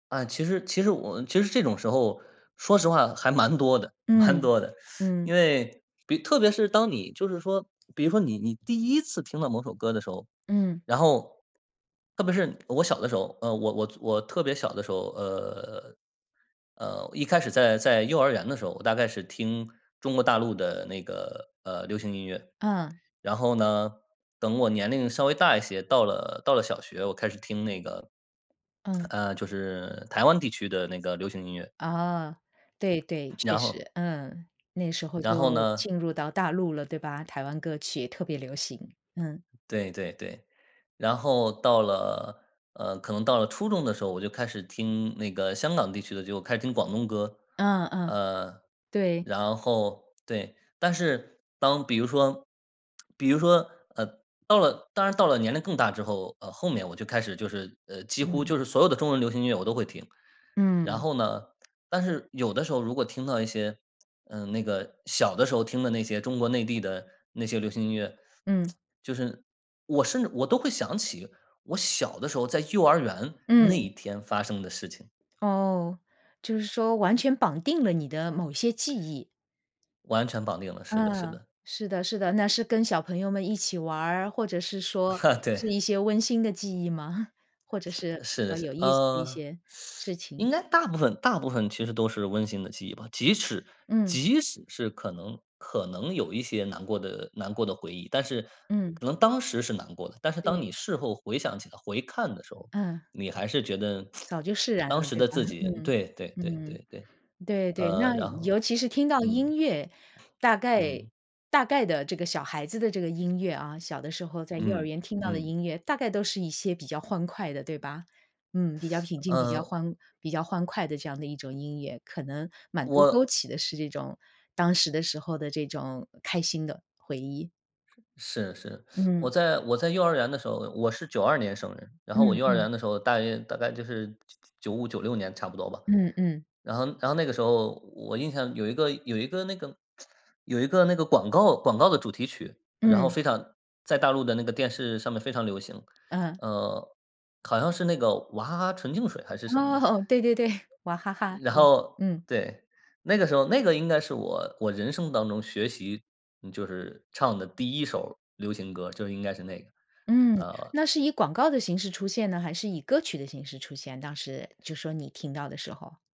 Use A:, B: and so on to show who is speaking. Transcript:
A: 啊，其实其实我其实这种时候，说实话还蛮多的蛮
B: 嗯，
A: 多的。
B: 嗯。
A: 因为比特别是当你就是说比如说你你第一次听到某首歌的时候，
B: 嗯。
A: 然后特别是我小的时候，呃，我我做我特别小的时候，呃，呃，一开始在在幼儿园的时候，我大概是听中国大陆的那个呃，流行音乐。
B: 嗯。
A: 然后呢，等我年龄稍微大一些，到了到了小学，我开始听那个
B: 嗯。
A: 呃，就是台湾地区的那个流行音乐。
B: 啊。对对，确
A: 然后
B: 实，嗯，那时候就
A: 然后呢
B: 进入到大陆了，对吧？台湾歌曲特别流行，嗯。
A: 对对对，然后到了呃，可能到了初中的时候，我就开始听那个香港地区的，就开始听广东歌。
B: 嗯嗯，
A: 呃，
B: 对。
A: 然后对，但是当比如说比如说，呃，到了当然到了年龄更大之后，呃，后面我就开始就是呃，几乎
B: 嗯。
A: 就是所有的中文流行音乐我都会听，然
B: 嗯。
A: 后呢但是有的时候如果听到一些嗯，那个小的时候听的那些中国内地的那些流行音乐，
B: 嗯。
A: 就是我甚至我都会想起我小的时候在幼儿园那
B: 嗯。
A: 一天发生的事情。
B: 哦，就是说完全绑定了你的某一些记忆。
A: 完全绑定了，是的是
B: 嗯，
A: 的。
B: 是的是的。那是跟小朋友们一起玩儿，或者是说 是
A: 对。
B: 一些温馨的记忆吗？或者是比
A: 是的，
B: 较
A: 是
B: 有意思的一
A: 嗯，
B: 些事 情。
A: 应该大部分大部分其实都是温馨的记忆吧。即使
B: 嗯。
A: 即使是可能可能有一些难过的难过的回忆，但是
B: 嗯。
A: 可能当时是难过的，但是当你
B: 对。
A: 事后回想起来，回看的时候，
B: 嗯。
A: 你还是觉得
B: 早 就释然
A: 当
B: 了，
A: 时
B: 对
A: 的
B: 吧？
A: 自 己
B: 嗯，
A: 对对对
B: 嗯。
A: 对对，
B: 对对，
A: 呃，
B: 那
A: 然后
B: 尤其是听到
A: 嗯。
B: 音乐，大概
A: 嗯。
B: 大概的这个小孩子的这个音乐啊，小的时候在幼儿
A: 嗯，
B: 园听到的
A: 嗯。
B: 音乐，大概都是一些比较欢快的，对吧？嗯，比较平静，比较
A: 嗯
B: 欢比较欢快的这样的一种音乐，可能满足勾
A: 我
B: 起的是这种当时的时候的这种开心的回忆。
A: 是是，我
B: 嗯。
A: 在我在幼儿园的时候我是92年生人，然后我
B: 嗯
A: 幼儿
B: 嗯。
A: 园的时候大约大概就是9995、96年差不多吧，
B: 嗯嗯。
A: 然后然后那个时候我印象有一个有一个那个 有一个那个广告广告的主题曲，然后
B: 嗯。
A: 非常在大陆的那个电视上面非常流行。
B: 嗯。
A: 呃，好像是那个娃哈哈纯净水还是什么的。
B: 哦，对对对，娃哈哈，
A: 然
B: 对，
A: 后
B: 嗯。
A: 对，那个时候那个应该是我我人生当中学习就是唱的第一首儿流行歌，就应该是那个，
B: 嗯，
A: 呃。
B: 那是以广告的形式出现呢？还是以歌曲的形式出现？当时就说你听到的时候。